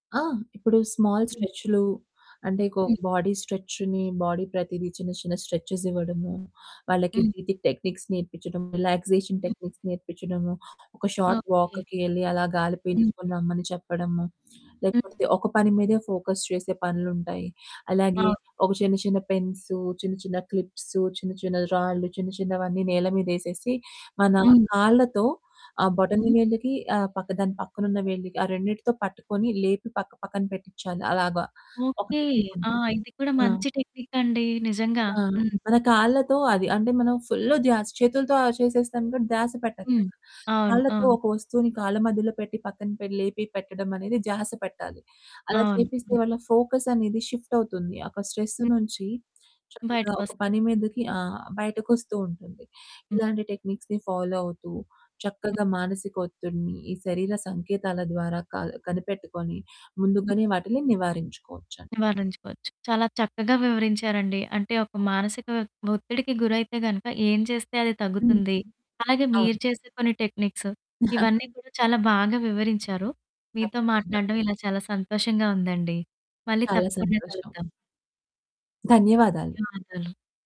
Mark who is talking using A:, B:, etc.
A: ఆ! ఇప్పుడు స్మాల్
B: హ్మ్.
A: స్ట్రెచ్‌లు అంటే‌ కొ
B: హ్మ్.
A: బాడీ స్ట్రెచ్‌ని, బాడీ ప్రతీది చిన్న చిన్న స్ట్రెచెస్ ఇవ్వడము. వాళ్ళకి
B: హ్మ్.
A: బ్రీతింగ్ టెక్నిక్స్ నేర్పించడం. రిలాక్సేషన్
B: హ్మ్.
A: టెక్నిక్స్ నేర్పించడము, ఒక షార్ట్
B: ఓకే.
A: వాక్‌‌కి ఎళ్లి అలా గాలి
B: హ్మ్.
A: పీల్చుకొని రమ్మని చెప్పడము.
B: హ్మ్.
A: లేకపోతే ఒక పని మీదే ఫోకస్ చేసే పనులు ఉంటాయి. అలాగే
B: అవును.
A: ఒక చిన్న చిన్న పెన్సు, చిన్న చిన్న క్లిప్సు, చిన్న చిన్న రాళ్ళు, చిన్న చిన్నవన్నీ నేల మీదేసేసి. మన
B: హ్మ్.
A: కాళ్ళతో, ఆ బొటన
B: హ్మ్.
A: వేళ్ళికి ఆహ్, పక్కదాని పక్కనున్న వేళ్ళి. ఆ రెండిటితో పట్టుకొని లేపి పక్క పక్కన పెట్టిచ్చాలి. అలాగా ఒక
B: ఓకే.
A: టెక్నిక్‌‌
B: ఆ!
A: ఉంది.
B: ఇది కూడా
A: ఆ!
B: మంచి టెక్నికండి. నిజంగా.
A: ఆ!
B: హ్మ్.
A: మన కాళ్ళతో అది అంటే మనం ఫుల్‌ ద్య‌స్ చేతులతో అ చేసేస్తాం కాబట్టి ధ్యాస
B: హ్మ్.
A: పెట్టక్కర్లే.
B: అవును.
A: కాళ్ళతో
B: అవును.
A: ఒక వస్తువుని కాళ్ళ మధ్యలో పెట్టి పక్కన‌ పే లేపి పెట్టడం అనేది ధ్యాస పెట్టాలి. అలా చేపిస్తే
B: అవును.
A: వాళ్ళ ఫోకసనేది షిప్టవుతుంది. ఒక స్ట్రెస్
B: హ్మ్.
A: నుంచి చక్కగా ఒక
B: బయటకొస్తారు.
A: పని మీదకి ఆ! బయటకొస్తూ ఉంటుంది.
B: హ్మ్.
A: ఇలాంటి టెక్నిక్స్‌ని ఫాలో అవుతూ, చక్కగా మానసిక ఒత్తిడిని, ఈ శరీర సంకేతాల ద్వారా క కనిపెట్టుకొని ముందుగానే వాటిని నివారించుకోవచ్చండి.
B: నివారించుకోవచ్చు. చాలా చక్కగా వివరించారండి. అంటే, ఒక మానసిక ఒత్తిడికి గురైతే గనుక ఏం చేస్తే అది తగ్గుతుంది? అలాగే
A: అవును.
B: మీరు చేసే కొన్ని టెక్నిక్స్. ఇవన్నీ
A: నాకు
B: కూడా చాలా బాగా వివరించారు. మీతో
A: తప్పకుండా.
B: మాట్లాడ్డం ఇలా చాలా సంతోషంగా ఉందండి. మళ్ళీ
A: చాలా
B: తప్పకుండ
A: సంతోషం.
B: కలుద్దాం.
A: ధన్యవాదాలు.
B: ధన్యవాదాలు.